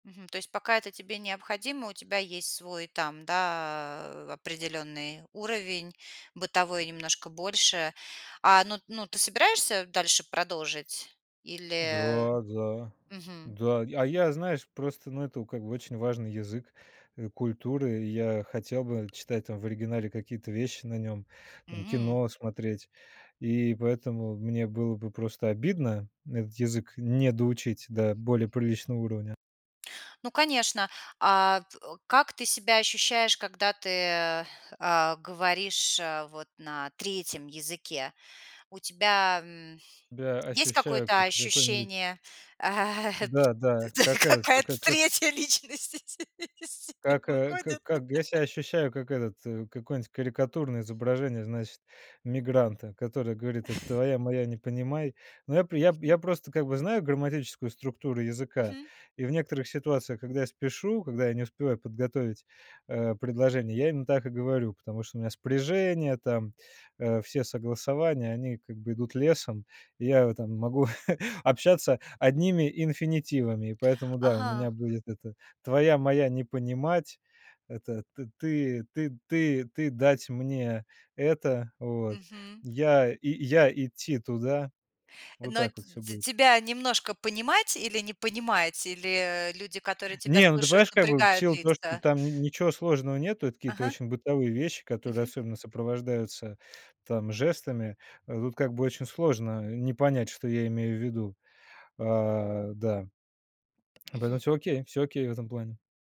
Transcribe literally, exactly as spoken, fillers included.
Мгм. То есть пока это тебе необходимо, у тебя есть свой, там, да, э, определённый уровень бытовой немножко больше. А, ну ну, ты собираешься дальше продолжить или Да да Мгм. да. А я, знаешь, просто, ну, это как бы очень важный язык, э, культуры. Я хотел бы читать там в оригинале какие-то вещи на нём, там М. кино смотреть. И поэтому мне было бы просто обидно этот язык не доучить до более приличного уровня. Ну, конечно. А как ты себя ощущаешь, когда ты, а, говоришь, а, вот на третьем языке? У тебя, м, Я есть ощущаю, какое-то как какой-нибудь ощущение, Да да, как этот к какая-то как третья личность из себя как, э, выходит? как как я себя ощущаю как этот, э, какое-нибудь карикатурное изображение, значит, мигранта, который говорит: "Это твоя моя, не понимай". Но я при я, Мгм. я просто как бы знаю грамматическую структуру языка, Мгм. и в некоторых ситуациях, когда я спешу, когда я не успеваю подготовить, э, предложение, я именно так и говорю, потому что у меня спряжение там, э, все согласования, они как бы идут лесом, и я вот там могу общаться одними инфинитивами, и поэтому, да, у меня Ага. будет это: "Твоя моя не понимать", это: "Ты ты ты ты дать мне это", вот Мгм. "Я, я идти туда", вот Но так вот всё т будет. тебя немножко понимать или не понимать, или люди, которые тебя Не, ну ты слушают, понимаешь, как бы, в напрягают силу того, что лица? там н ничего сложного нету, это какие-то Ага. очень бытовые вещи, которые Мгм. особенно сопровождаются там жестами, э, тут, как бы, очень сложно не понять, что я имею в виду. Э, да. Поэтому Мгм. всё, окей, всё окей в этом плане.